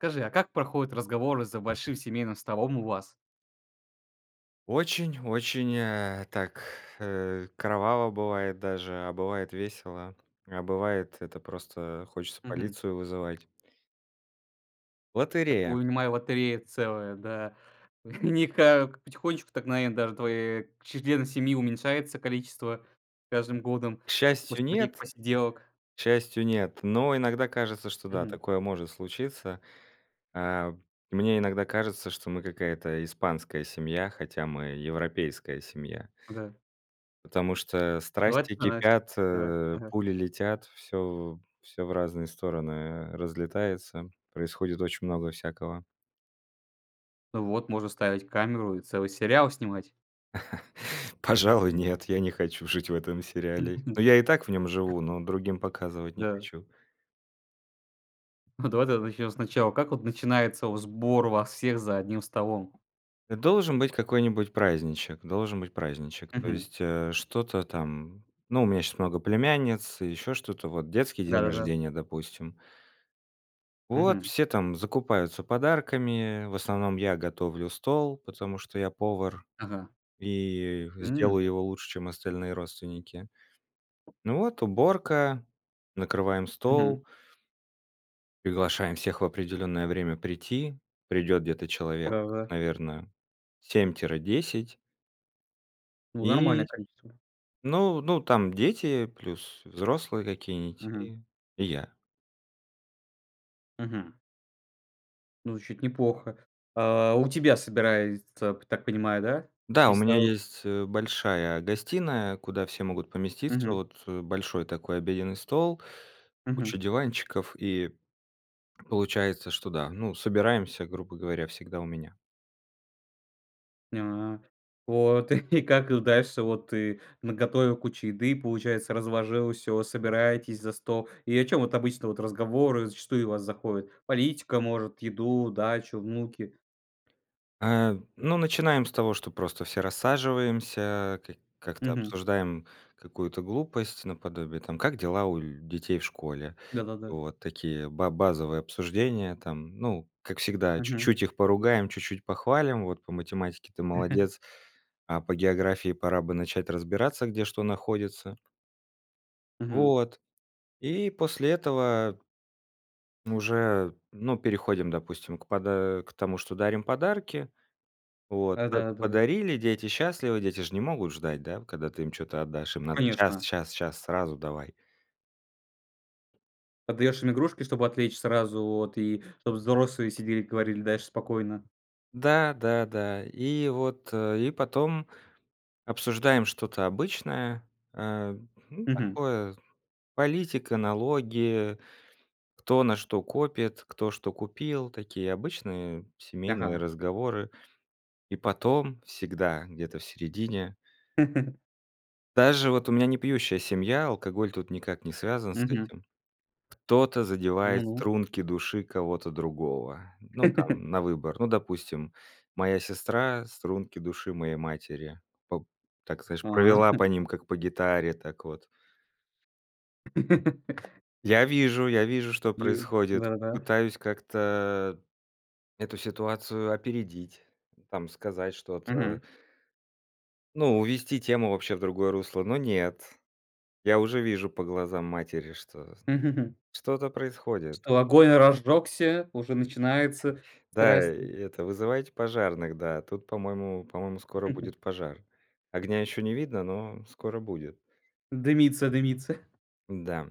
Скажи, а как проходят разговоры за большим семейным столом у вас? Очень очень, э, так э, кроваво бывает даже, а бывает весело, а бывает это просто хочется Мгм. полицию вызывать. Лотерея. Такую, вынимай, лотерея целая, да. Они как потихонечку так наверно, даже твоей члены семьи уменьшается количество с каждым годом К с счастью, после таких нет, посиделок. к счастью нет. Но иногда кажется, что да, Мгм. такое может случиться. А, мне иногда кажется, что мы какая-то испанская семья, хотя мы европейская семья. Да. Потому что, Бывает страсти стараясь. кипят, Давай, э, ага. пули летят, всё всё, в разные стороны, э, разлетается. Происходит очень много всякого. Вот, можно ставить камеру и целый сериал снимать. Пожалуй нет, я не хочу жить в этом сериале. Мгм, Но, я и так в нем вот. живу, но другим показывать не Да. хочу. Ну, давай тогда начнем сначала. Как вот начинается вот сбор вас всех за одним столом? Должен быть какой-нибудь праздничек, должен быть праздничек. То Мгм. есть, э, что-то там. Ну, у меня щас много племянниц, еще что-то, вот детский день Да-да-да. рождения, допустим. Вот, Мгм. все там закупаются подарками, в основном я готовлю стол, потому что я повар Ага. и М. сделаю его лучше чем остальные родственники. Ну, вот уборка, накрываем Мгм. стол. Приглашаем всех в определенное время прийти. Придёт где-то человек Ого. наверно 7 тире 10. Ну, нормальное И, количество. ну ну там дети, плюс взрослые какие-нить Мгм. и и я. Мгм. Ну звучит неплохо. А, у тебя собирается так понимаю да, Да, у весь меня народ? есть, э, большая гостиная куда все могут поместиться, Мгм. вот, э, большой такой обеденный стол, Мгм. куча диванчиков и получается что да, ну собираемся грубо говоря всегда у меня. Нят Вот. И как дальше вот ты наготовил кучу еды, получается разложил всё, собираетесь за стол и о чем вот обычно, вот разговоры зачастую у вас заходит, политика может еду, дачу, внуки? А, ну, начинаем с того, что просто все рассаживаемся, ка как-то Мгм. обсуждаем какую-то глупость, наподобие, там: как дела у ль детей в школе? Да-да-да. Вот такие ба базовые обсуждения. Там, ну как всегда Мгм. чуть-чуть их поругаем чуть-чуть похвалим вот по математике ты молодец, а по географии пора бы начать разбираться, где что находится. Мгм. Вот и после этого уже, ну, переходим, допустим, к пода к тому, что дарим подарки. Вот. П Да-да, да. подарили, дети счастливы, дети ж не могут ждать, да, когда ты им чё-то отдашь. Им надо щас, Конечно. щас, щас, сразу давай. Отдаешь им игрушки, чтобы отвлечь сразу вот, и чтоб взрослые сидели говорили дальше спокойно. Да, да, да. И вот, э, и потом обсуждаем что-то обычное, э, ну, Мгм. такое з политика, налоги, кто на что копит, кто что купил, такие обычные семейные Ага. разговоры. И потом всегда где-то в середине Даже вот у меня не пьющая семья, алкоголь тут никак не связан с Мгм. этим, кто-то задевает Ну-ну. струнки души кого-то другого, ну там на выбор. Ну допустим, моя сестра струнки души моей матери. Поп так знаешь, А. провела по ним как по гитаре, так, вот. Я вижу я вижу, что Ю происходит, да-да-да. пытаюсь как-то эту ситуацию опередить, там, сказать Мгм. что-то. Ну увести тему вообще в другое русло, но нет, я уже вижу по глазам матери, что что-то происходит. Что огонь разжегся уже начинается Да, и страсти. это вызывайте пожарных, да тут, по-моему по-моему, скоро будет пожар. Огня еще не видно, но скоро будет. Дымится дымится. Н-да.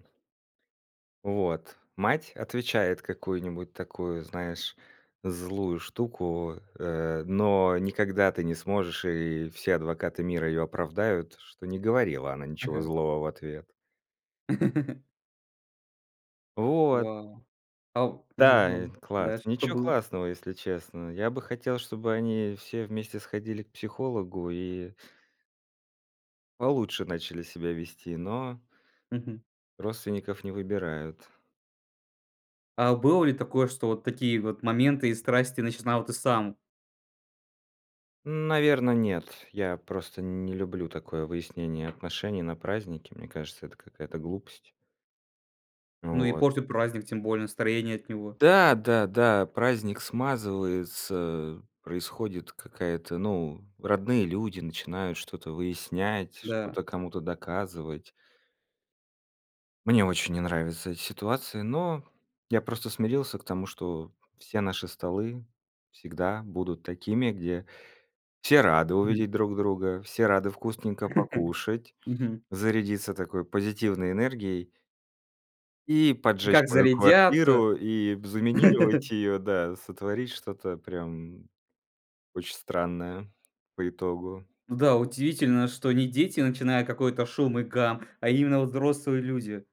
Вот. Мать отвечает какую-нибудь такую, знаешь, злую штуку, э, но никогда ты не сможешь, и все адвокаты мира её оправдают, что не говорила она ничего Ага. злого в ответ. Вот. Вау! А у Ну, Да, ну. класс, Дальше что ничего было? классного, если честно. Я бы хотел, чтобы они все вместе сходили к психологу и получше начали себя вести, но Мгм. родственников не выбирают. А было ли такое, что вот такие вот моменты и страсти начинал ты сам? Наверно, нет. Я просто не люблю такое выяснение отношений на празднике, мне кажется, это какая-то глупость. Ну Ну и вот. портит праздник тем более настроение от него. Да, да, да, праздник смазывается, происходит какая-то ну родные люди начинают что-то выяснять, Да. что-то кому-то доказывать. Мне очень не нравится эти ситуации, но я просто смирился к тому, что все наши столы всегда будут такими, где все рады Мгм. увидеть друг друга, все рады вкусненько покушать, Мгм. зарядиться такой позитивной энергией и И поджечь как мою зарядятся. квартиру, и заминировать ее да, сотворить что-то прям очень странное по итогу. Да, удивительно, что не дети начинают какой-то шум и гам, а именно взрослые люди.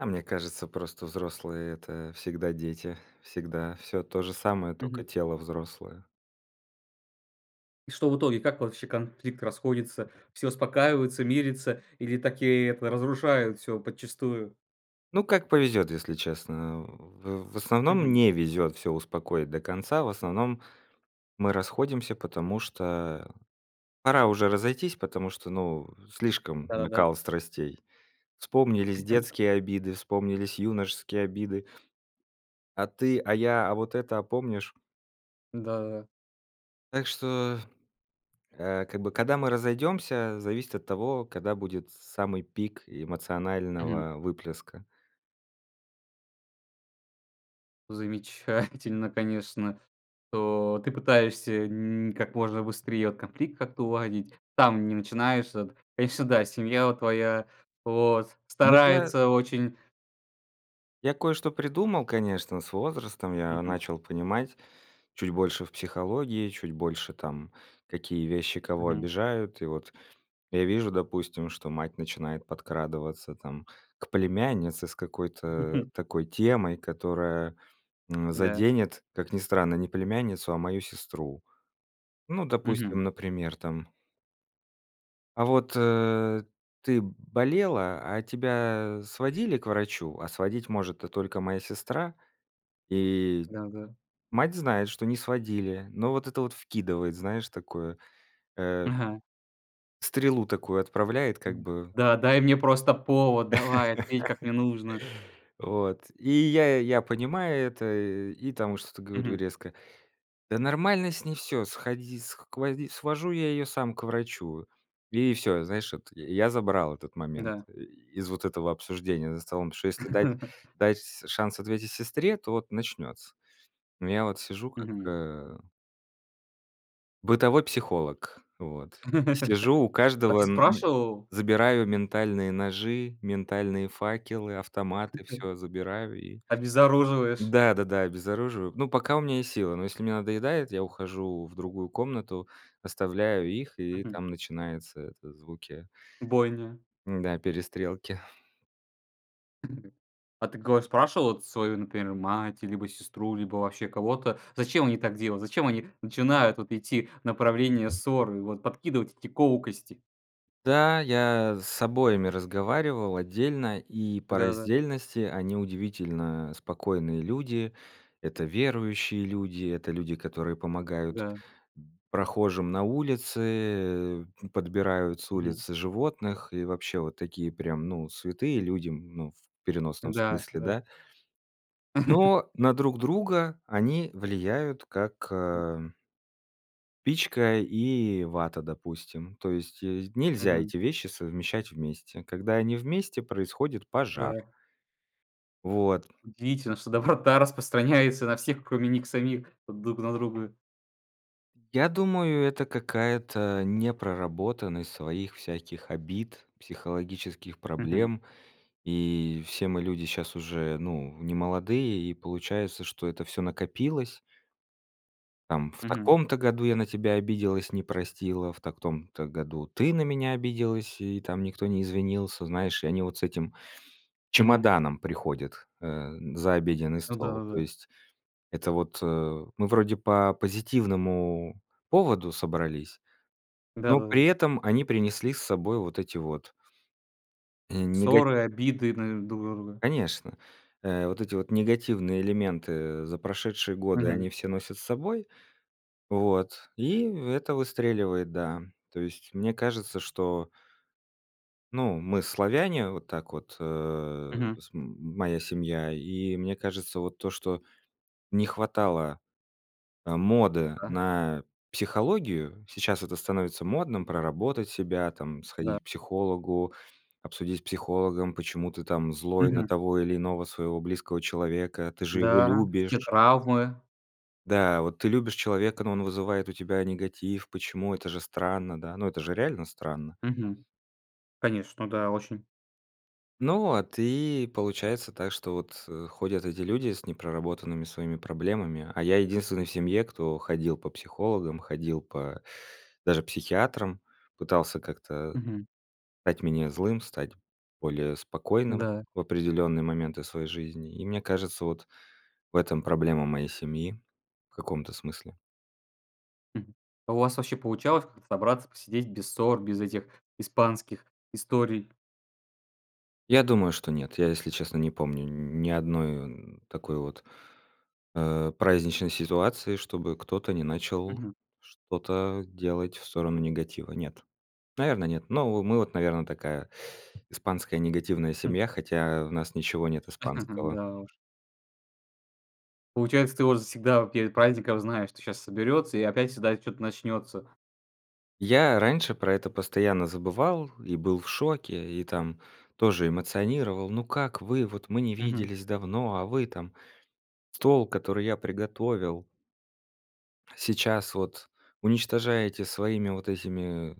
А мне кажется просто взрослые- это всегда дети, всегда всё то же самое, Мгм. тока тело взрослое. И что в итоге как вообще конфликт расходится все успокаиваются мирятся или так и это разрушает всё подчистую. Ну как повезёт, если честно, а, в в основном Мгм. не везёт всё успокоить до конца. В основном мы расходимся, потому что пора уже разойтись, потому что ну слишком Да-да-да. накал страстей. Вспомнились детские обиды, вспомнились юношеские обиды. А ты, а я, а вот это, а помнишь? Да-да-да. Так что, а, как бы когда мы разойдёмся зависит от того, когда будет с самый пик Мгм. эмоционального выплеска. Замечательно конечно что ты пытаешься нь как можно быстрее вот конфликт как-то уладить там не начинаешь это конечно да, и семья вот твоя вот Ну я старается очень. я кое-что придумал, конечно. С возрастом я Мгм. начал понимать чуть больше в психологии, чуть больше там какие вещи кого Мгм. обижают. И вот я вижу, допустим, что мать начинает подкрадываться там к племяннице с какой-то такой темой, которая, м, Да. заденет, как ни странно, не племянницу, а мою сестру. Ну, допустим, Мгм. например там "а вот, э, ты болела, а тебя сводили к врачу?" А сводить может-то только моя сестра, и Да, да. мать знает, что не сводили, но вот это вот вкидывает, знаешь, такое, э Ага. стрелу такую отправляет как М, бы. да, дай мне просто повод, давай, ответь как мне нужно. Вот. И я я понимаю это и там что-то говорю Мгм. резко: "Да нормально с ней всё! Сходи скводи свожу я её сам к врачу!" И всё, знаешь вот, я я забрал этот момент Да. и из вот этого обсуждения за столом, что если дать дать шанс ответить сестре, то вот начнется. Я вот сижу как, Мгм. э бытовой психолог, вот. Сижу у А каждого ты н м, спрашивал? забираю ментальные ножи, ментальные факелы, автоматы, всё забираю и Обезоруживаешь. да-да-да, обезоруживаю. Но пока у меня есть силы, но если мне надоедает, я ухожу в другую комнату, оставляю их и Мгм. там начинаются это звуки Бойня. м-да, перестрелки. А ты кого спрашивал вот свою например мать, либо сестру, либо вообще кого-то зачем они так делают, зачем они начинают вот идти в направлении ссоры вот подкидывать эти колкости? Да, я с обоими разговаривал отдельно и по Да-да. раздельности они удивительно спокойные люди. Это верующие люди, это люди, которые помогают, Да. м, прохожим на улице, подбирают с Мгм. улицы животных и вообще вот такие прям ну святые людям, м, ну в переносном Да, смысле, да. да. Но на друг друга они влияют как, ам спичка и вата, допустим. То есть есь нельзя Мгм. эти вещи совмещать вместе, когда они вместе происходит пожар. Да. Вот. Удивительно, что доброта распространяются на всех, кроме них самих вот друг на друга! Я думаю, это какая-то непроработанность своих всяких обид, психологических Мгм. проблем. И все мы люди щас уже, ну, немолодые, и получается, что это всё накопилось. Там в Мгм. таком-то году я на тебя обиделась, не простила, в так том-то году ты на меня обиделась и там никто не извинился. Знаешь, и они вот с этим Мгм. чемоданом приходят, э, за обеденный Ну стол. То да-да-да. есть это вот, э, мы вроде по позитивному поводу собрались, но Да-да-да. при этом они принесли с собой вот эти вот и нега Ссоры, обиды, наверно, друг на друга? Конечно, э, вот эти вот негативные элементы за прошедшие годы Мгм. они все носят с собой, вот, и это выстреливает. Да, то есть мне кажется, что ну, мы- славяне, вот так вот, э, Мгм. см м моя семья, и мне кажется, вот то, что не хватало, а, моды Да. на психологию. Сейчас это становится модным, проработать себя там, Да. сходить к психологу, обсудить с психологом, почему ты там злой на Мгм. того или иного своего близкого человека, ты же его Да, все любишь. травмы. Да, вот ты любишь человека, но он вызывает у тебя негатив, почему? Это же странно, да. Ну это же реально странно. Мгм. Конечно, да, очень. Ну а ты, получается так, что вот, э, ходят эти люди с непроработанными своими проблемами, а я единственный в семье кто ходил по психологам, ходил по даже психиатрам. Пытался как-то Мгм. стать менее злым, стать более спокойным Да. в определенные моменты своей жизни. И мне кажется, вот в этом проблема моей семьи в каком-то смысле. Мгм. А у вас вообще получалось как-то собраться, посидеть без ссор, без этих испанских историй? Я думаю, что нет. Я если честно не помню нь ни одной о н такой вот, э, праздничной ситуации, чтобы кто-то не начал Мгм. что-то делать в сторону негатива. Нет, наверно, нет. Но во мы вот наверно такая испанская негативная М. семья, хотя в нас ничего нет испанского. Да уж. Получается, ты вот всегда перед праздников знаешь, что щас соберется и опять всегда чё-то начнется? Я раньше про это постоянно забывал и был в шоке, и там тоже эмоционировал: ну, как вы, вот мы не Мгм. виделись давно, а вы там стол, который я приготовил сейчас вот уничтожаете своими вот этими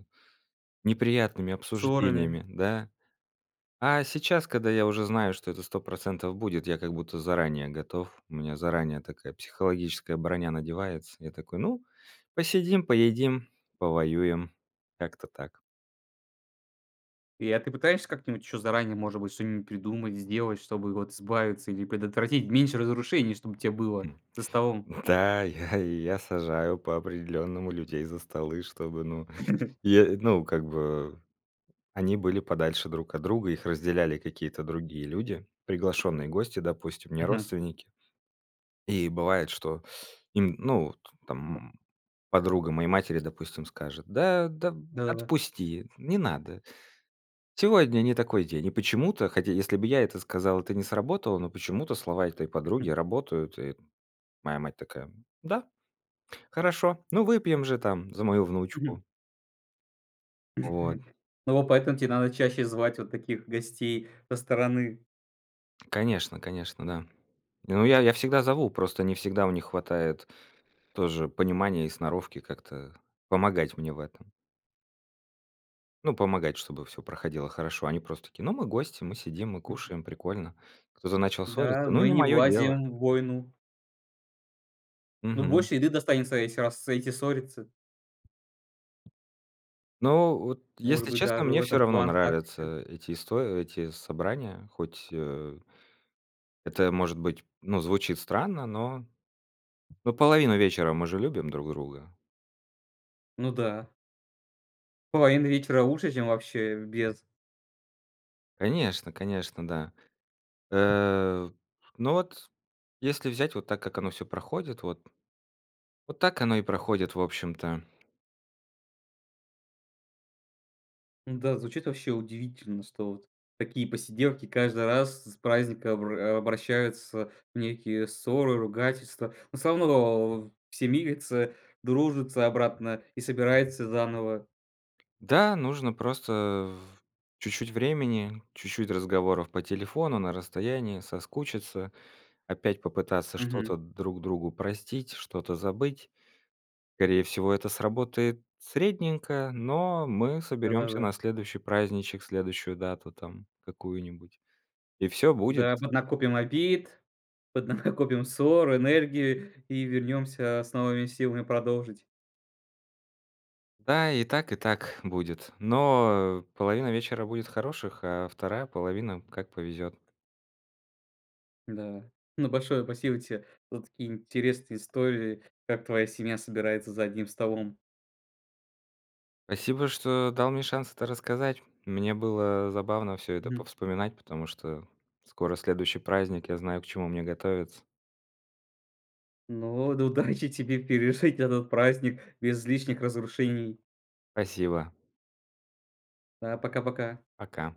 неприятными Ссорами. обсуждениями, да. А сейчас, когда я уже знаю, что это 100 % будет, я как будто заранее готов. У меня заранее такая психологическая броня надевается, я такой: "Ну, посидим, поедим, повоюем". Как-то так. И, а ты пытаешься как-нибудь еще заранее, может быть, что-нибудь придумать, сделать, чтобы вот избавиться или предотвратить, меньше разрушений чтоб те было Хм. за столом? Да, я я сажаю по-определённому людей за столы, чтобы, ну и, ну, как бы они были подальше друг от друга, их разделяли какие-то другие люди, приглашенные гости, допустим, не Мгм. родственники. И бывает, что им, ну, т там подруга моей матери, допустим, скажет: "Да, да Да-да-да. отпусти, не надо. Сегодня не такой день". И почему-то, хотя, если бы я это сказал, это не сработало, но почему-то слова этой подруги работают. И моя мать такая: "Да? Хорошо, ну выпьем же там за мою Мгм. внучку!" Вот. Ну вот, поэтому те надо чаще звать вот таких гостей со стороны. Конечно, конечно, да. Не, ну, я я всегда зову, просто не всегда у них хватает тоже понимания и сноровки как-то помогать мне в этом. Ну, помогать, чтобы всё проходило хорошо. Они просто такие: "Ну, мы гости, мы сидим, мы кушаем, прикольно. Кто-то начал Да, ссориться? Ну, мы не не мое дело". влазием в войну. Ну, Мгм. больше еды достанется, если раз эти ссорятся. Но вот, Может если быть, честно, даже в мне всё этом равно план, тактика. нравятся эти исто эти собрания, хоть, э, это, может быть, ну, звучит странно, но но половину вечера мы же любим друг друга. Ну да. Половина вечера лучше, чем вообще без. Конечно, конечно, да. Э, ну вот, если взять вот так, как оно всё проходит вот вот так оно и проходит, в общем-то. Да, звучит вообще удивительно, что вот такие посиделки каждый раз с праздника обра обращаются в некие ссоры, ругательства. Но всё равно все мирятся, дружатся обратно и собираются заново. Да, нужно просто в чуть-чуть времени, чуть-чуть разговоров по телефону на расстоянии, соскучиться, опять попытаться Мгм. что-то друг другу простить, что-то забыть. Скорее всего, это сработает средненько, но мы соберемся Да-да-да. на следующий праздничек, следующую дату там какую-нибудь, и всё будет! Да, поднакопим обид, поднакопим ссор, энергии и вернемся с новыми силами продолжить. Да, и так, и так будет, но половина вечера будет хороших, а 2 половина- как повезет. Да. Ну, большое спасибо те за такие интересные истории, как твоя семья собирается за одним столом. Спасибо, что дал мне шанс это рассказать. Мне было забавно всё это Мгм. повспоминать, потому что скоро следующий праздник, я знаю, к чему мне готовиться. Ну, д удачи тебе пережить этот праздник без излишних разрушений! Спасибо. Да, пока пока! Пока.